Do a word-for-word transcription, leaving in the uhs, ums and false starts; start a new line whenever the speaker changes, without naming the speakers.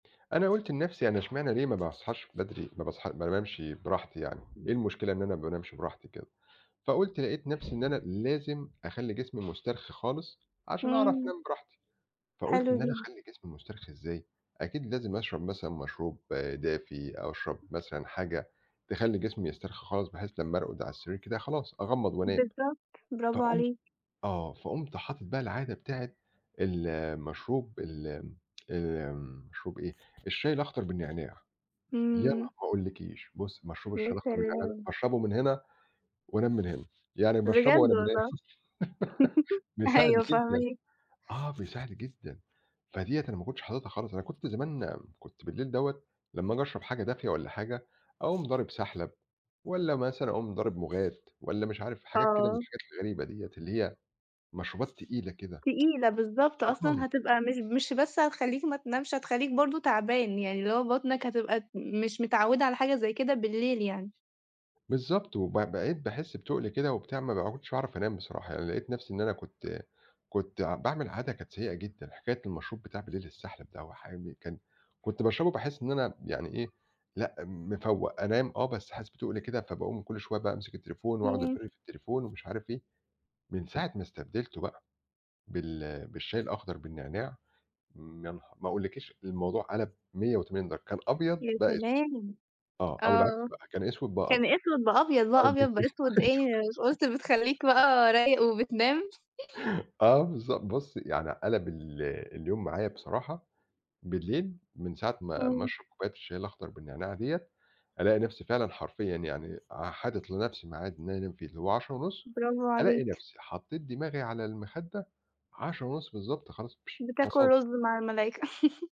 أنا قُلت لنَفسي يعني إشمعنا ليه ما باصحاش بدري؟ ما باصحا ما انامش براحتي يعني، إيه المشكلة إن أنا ما بانامش براحتي كده؟ فقُلت لقيت نَفسي إن أنا لازم أخلّي جسمي مسترخي خالص عشان أعرف
إمم.
أنام براحتي. فقُلت
حلو
إن أنا
جدًا.
أخلّي جسمي مسترخي إزاي، أكيد لازم أشرب مثلًا مشروب دافي أو أشرب
امم.
مثلًا حاجة تخلّي جسمي يسترخي خالص بحيث لمّا أرقد على السرير كده خلاص أغمّض وأنام.
بالضبط، براڤو
فقُمت
عليك.
آه، فقُمت حاطط بقى العادة بتاعة المشروب ال امم، آمم مشروب إيه، الشاي الأخضر بالنعناع. يا ن ما
إمم.
أقولِّكيش بُصّي مشروب
يا
الشاي الأخضر بالنعناع ده
سلام!
أشربه من هنا، وأنام من هنا، يعني باشربه
بجد
وأنا بانام
والله؟
بيساعد
أيوه،
جدًا
فاهماك.
آه، بيساعد جدًا. فدِيَّة أنا ما كنتش حاططها خالص، أنا كنت زمان كنت بالليل دَوَّة لمّا آجي أشرب حاجة دافية والّا حاجة أقوم ضارب سَحلَب، والّا مثلًا أقوم ضارب مُغات والّا مش عارف حاجات كده من
آه.
الحاجات الغريبة ديّة اللي هي مشروبات تقيلة كده،
تقيلة بالضبط، أصلًا
آه.
هتبقى مش مش بس هتخلّيك ما تنامش، هتخلّيك برضه تَعبان يعني، اللي هو بطنك هتبقى د مش متعوّدة على حاجة زي كده بالليل يعني.
بالضبط، وب بقيت باحس بتُقل كده وبتاع ما ب كُنتش اعرف أنام بصراحة يعني لقيت نَفسي إن أنا كنت كنت ع باعمل عادة كانت سيئة جدًا. حكاية المشروب بتاع بليل السَحلَب ده وحامي كان كُنت باشربه باحس إن أنا يعني إيه لأ، مفوَّق، أنام آه بس حاسس بتُقل كده فباقوم كل شوية بقى أمسِك التليفون وأقعُد
إمم.
أفِر في التليفون ومش عارف إيه. من ساعة ما استبدلته بقى بال بالشاي الأخضر بالنعناع امم يا نه ما أقولِّكيش الموضوع قَلَب مِيّة وتمانين درجة كان أبيض
يا
بقى أسوِد
سلام!
آه، أو العكس
آه،
بقى، كان أسوِد بقى
كان
أبيض
أسوِد بقى أبيض
آه،
بقى
بالضبط،
أبيض بقى أسوِد
أيوه.
إيه؟ قُلت بتخلّيك بقى رايق وبتنام
آه، بالض بُصّي يعني قَلَب ال اليوم معايا بصراحة بالليل من ساعة ما ما
إمم.
اشرب كوباية الشاي الأخضر بالنعناع دِيَّة ألاقي نَفسي فعلًا حرفيًا يعني أ حاطط لنَفسي ميعاد إن أنا أنام فيه اللي هو عَشرة ونص ألاقي
براڤوعليك.
نَفسي حطيت دماغي على المخدة عَشرة ونص بالضبط، خلاص
بتاكل
فصَلت.
رز مع الملايكة.